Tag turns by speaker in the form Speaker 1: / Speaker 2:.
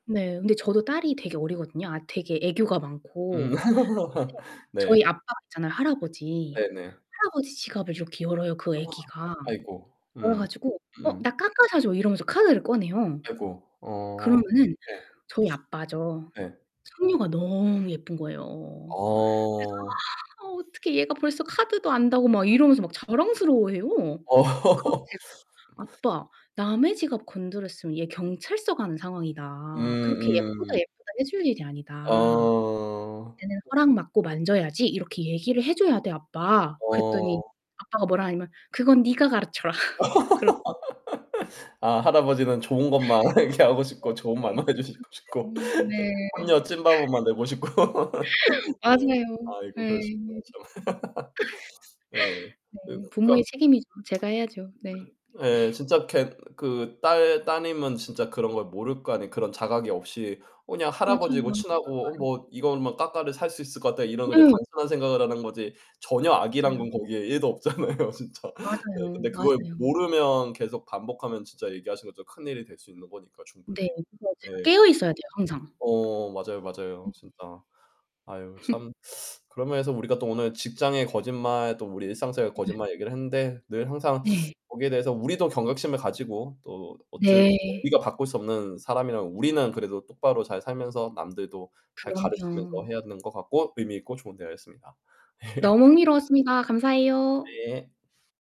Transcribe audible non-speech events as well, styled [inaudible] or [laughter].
Speaker 1: 네, 근데 저도 딸이 되게 어리거든요. 아 되게 애교가
Speaker 2: 음.
Speaker 1: 많고.
Speaker 2: [laughs]
Speaker 1: [unintelligible] 저희
Speaker 2: 네.
Speaker 1: 아빠가 있잖아요. 할아버지.
Speaker 2: 네 네.
Speaker 1: 할아버지 지갑을 이렇게 열어요. 그
Speaker 2: 우와.
Speaker 1: 애기가.
Speaker 2: 아이고.
Speaker 1: 열어
Speaker 2: 음.
Speaker 1: 가지고 "어,
Speaker 2: 음.
Speaker 1: 나 까까 사줘." 이러면서 카드를 꺼내요.
Speaker 2: 아이고. 어
Speaker 1: 그러면은
Speaker 2: 네.
Speaker 1: 저희 아빠죠.
Speaker 2: 네.
Speaker 1: 손녀가 너무 예쁜 거예요. 그래서
Speaker 2: 어.
Speaker 1: "아. 아, 어떻게 얘가 벌써 카드도 안다."고 막
Speaker 2: [unintelligible]
Speaker 1: 이러면서 막 자랑스러워해요.
Speaker 2: 어.
Speaker 1: 그럼
Speaker 2: [laughs]
Speaker 1: 제가 "아빠, 남의 지갑 건드렸으면 얘 경찰서 가는
Speaker 2: 음
Speaker 1: 상황이다. 그렇게 예쁘다
Speaker 2: 음.
Speaker 1: 예쁘다 해줄 일이 아니다."
Speaker 2: 어.
Speaker 1: "얘는 '허락 맡고 만져야지.' 이렇게 얘기를 해 줘야 돼, 아빠." 그랬더니
Speaker 2: 어.
Speaker 1: 아빠가 뭐라 하냐면 "그건 네가 가르쳐라." [laughs] 그런
Speaker 2: [laughs] 아, 할아버지는 좋은 것만 얘기하고
Speaker 1: 네. 네 그런가
Speaker 2: 싶고 좋은 말만 해
Speaker 1: 봐요.
Speaker 2: 주시고 싶고.
Speaker 1: 네.
Speaker 2: 손녀
Speaker 1: [laughs]
Speaker 2: 찐바보만 되고 싶고. [laughs] 네.
Speaker 1: 맞아요.
Speaker 2: 아이고,
Speaker 1: 예
Speaker 2: 그러시구나, 참.
Speaker 1: [laughs]
Speaker 2: [laughs] 네.
Speaker 1: 네.
Speaker 2: 그 그러니까
Speaker 1: 부모의 책임이죠. 제가 해야죠. 네.
Speaker 2: [tsk] 예.
Speaker 1: [sniffs]
Speaker 2: 진짜 그렇게 그 딸 따님은 진짜 그런 걸 모를 거 아니에요. 그런 자각이 없이 그냥
Speaker 1: 맞아요
Speaker 2: 할아버지고
Speaker 1: 맞아요
Speaker 2: 친하고 어
Speaker 1: 맞아요.
Speaker 2: 뭐 이걸 뭐 '까까를 살 수 있을 것 같다.' 이런 그냥
Speaker 1: 네.
Speaker 2: 단순한 생각을 하는 거지 전혀 악의란
Speaker 1: 맞아요.
Speaker 2: 건 거기에 1 도 없잖아요 진짜. 네,
Speaker 1: 맞아요.
Speaker 2: 근데 그걸
Speaker 1: 맞아요.
Speaker 2: 모르면 계속 반복하면 진짜 얘기하신 것처럼 큰 일이 될 수 있는 거니까
Speaker 1: 네.
Speaker 2: 충분히.
Speaker 1: 그래서
Speaker 2: 네.
Speaker 1: 제가 깨어있어야 돼요 항상.
Speaker 2: 어, 맞아요 맞아요.
Speaker 1: 네.
Speaker 2: 진짜. 아유,
Speaker 1: [laughs]
Speaker 2: 참. [sucks teeth] 그런 면에서 우리가 또 오늘 직장의 거짓말 또 우리 일상생활의
Speaker 1: 네.
Speaker 2: 거짓말 얘기를 했는데 늘 항상
Speaker 1: 네.
Speaker 2: [sucks teeth] 거기에 대해서 우리도 경각심을 가지고 또 어쨌든
Speaker 1: 네.
Speaker 2: 우리가 바꿀 수 없는 사람이라면 우리는 그래도 똑바로 잘 살면서 남들도 잘 가르치면서
Speaker 1: 그럼요.
Speaker 2: 해야 되는 것 같고 의미 있고 좋은 대화였습니다. 예.
Speaker 1: 너무 흥미로웠습니다. 감사해요.
Speaker 2: 네.